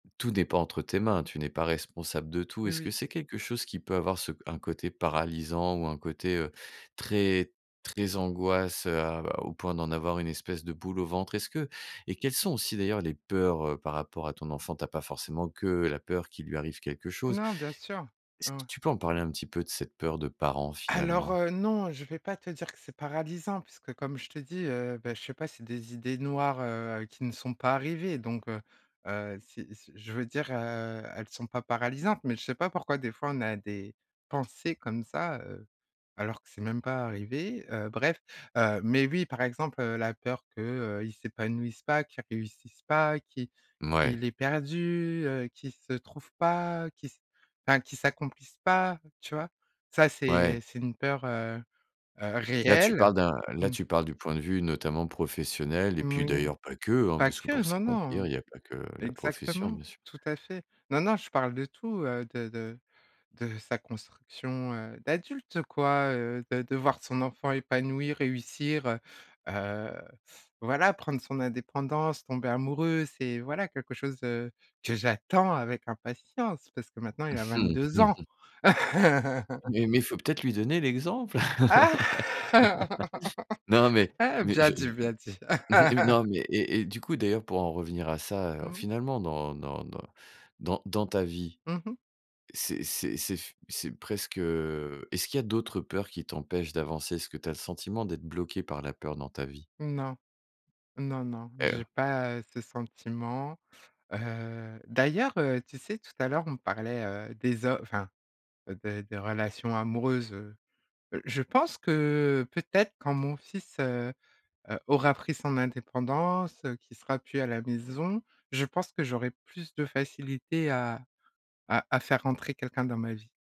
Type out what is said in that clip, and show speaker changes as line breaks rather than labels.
Tout n'est pas entre tes mains, tu n'es pas responsable de tout.
Oui,
Est-ce que
oui.
c'est quelque chose qui peut avoir ce un côté paralysant ou un côté, heu, très, très angoisse, heu, au point d'en avoir une espèce de boule au ventre? Est-ce que et quelles sont aussi d'ailleurs les peurs, heu, par rapport à ton enfant? Tu as pas forcément que la peur qu'il lui arrive quelque chose.
Non, bien sûr.
Est-ce
Ah
que
ouais.
tu peux en parler un petit peu de cette peur de parents
Alors,
finalement?
heu, non, je vais pas te dire que c'est paralysant puisque comme je te dis, heu, bah je sais pas, c'est des idées noires, heu, qui ne sont pas arrivées donc, heu heu, si si je veux dire, heu, elles sont pas paralysantes, mais je sais pas pourquoi des fois on a des pensées comme ça, heu, alors que c'est même pas arrivé, heu, bref, heu, mais oui, par exemple, heu, la peur que, heu, il s'épanouisse pas, qu'il réussisse pas, qui,
Mouais.
qu'il est perdu, heu, qu'il se trouve pas, qu'il se ben qu'il s'accomplisse pas, tu vois? Ça,
Ouais.
c'est c'est une peur, heu heu,
Là, tu
réelle,
parles d'un là,
mmh.
tu parles du point de vue, notamment professionnel et puis
Oui,
d'ailleurs, pas que, hein,
pas
parce que
que,
pour
non,
s'accomplir,
non,
il y a pas que la profession,
exactement,
bien sûr.
tout à fait. Non, non, je parle de tout, heu, de de de sa construction, heu, d'adulte, quoi, heu, de de voir son enfant épanoui, réussir, heu heu, voilà, prendre son indépendance, tomber amoureux, c'est voilà, quelque chose, heu, que j'attends avec impatience, parce que maintenant, il a 22 ans!
Mais mais faut peut être lui donner l'exemple.
Ah!
Non, mais, mais
Bien
je, heu
dit, bien dit.
non, mais et et du coup, d'ailleurs, pour en revenir à ça, heu,
Mmh.
finalement, dans dans dans dans dans ta vie,
Mmh mh.
c'est c'est c'est f c'est presque, heu, est ce qu'il y d'autres peurs qui t'empêchent d'avancer? Est que tu as le sentiment d'être bloquée par la peur dans ta vie?
Non, non, non,
Et heu
j'ai pas, heu, ce sentiment, heu, d'ailleurs, heu, tu sais tout à l'heure, on parlait, heu, des ho enfin, des des relations amoureuses, heu, je pense que, heu, peut-être quand mon fils, heu heu, aura pris son indépendance, heu, qu'il sera plus à la maison, je pense que j'aurais plus de facilité à à à faire rentrer quelqu'un dans ma vie.